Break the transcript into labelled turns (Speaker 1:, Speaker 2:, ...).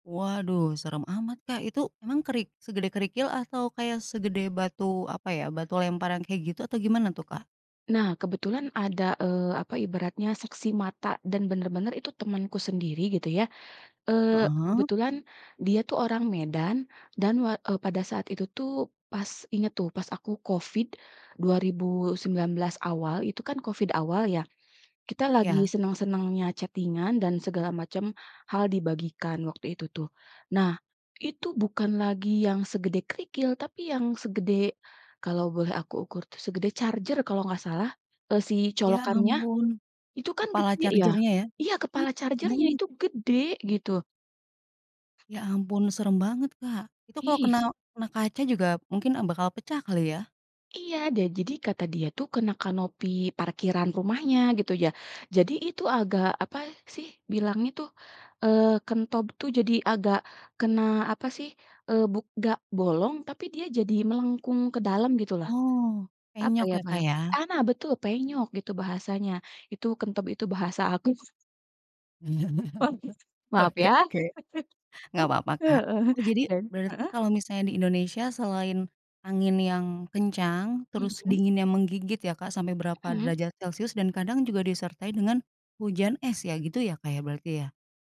Speaker 1: Waduh, serem amat, Kak. Itu emang kerik segede kerikil atau kayak segede batu apa ya, batu lemparan kayak gitu atau gimana tuh, Kak?
Speaker 2: Nah, kebetulan ada, eee, apa ibaratnya saksi mata dan bener-bener itu temenku sendiri gitu ya. Eee,
Speaker 1: Heeh.
Speaker 2: kebetulan dia tuh orang Medan dan wa eee, pada saat itu tuh, pas inget tuh, pas aku COVID 2019 awal, itu kan COVID awal ya, kita lagi
Speaker 1: Ya.
Speaker 2: seneng-senengnya chatting-an dan segala macam, hal dibagikan waktu itu tuh. Nah, itu bukan lagi yang segede kerikil tapi yang segede kalau boleh aku ukur tuh segede charger kalau nggak salah, eee, si
Speaker 1: Ya
Speaker 2: colokannya
Speaker 1: ampun,
Speaker 2: itu kan
Speaker 1: kepala
Speaker 2: gede ya.
Speaker 1: charger-nya ya.
Speaker 2: Iya
Speaker 1: Ih,
Speaker 2: kepala charger-nya
Speaker 1: banget.
Speaker 2: itu gede, gitu.
Speaker 1: Ya ampun, serem banget, Kak. Itu kalau kena
Speaker 2: Is.
Speaker 1: kena kaca juga mungkin a bakal pecah kali ya.
Speaker 2: Iya, da jadi kata dia tuh kena kanopi parkiran rumahnya gitu ya. Jadi itu agak apa sih bilangnya tuh, eee, kentob tuh jadi agak kena apa sih, eee, buk nggak bolong tapi dia jadi melengkung ke dalam gitulah.
Speaker 1: Oh,
Speaker 2: Apa
Speaker 1: penyok
Speaker 2: ya
Speaker 1: ya, Kak,
Speaker 2: bahasa
Speaker 1: ya.
Speaker 2: ah, nah betul penyok gitu bahasanya. Itu kentob itu bahasa apa si [unintelligible] Maaf
Speaker 1: Oke
Speaker 2: ya.
Speaker 1: oke. Nggak papa,
Speaker 2: E
Speaker 1: Kak.
Speaker 2: Heeh.
Speaker 1: Oh jadi
Speaker 2: Dan
Speaker 1: berarti
Speaker 2: heeh?
Speaker 1: kalau misalnya di Indonesia selain angin yang kencang terus
Speaker 2: Mmm.
Speaker 1: dinginnya menggigit ya, Kak, sampai berapa
Speaker 2: Mmm.
Speaker 1: derajat celsius dan kadang juga disertai dengan hujan es ya gitu ya, Kak, berarti ya?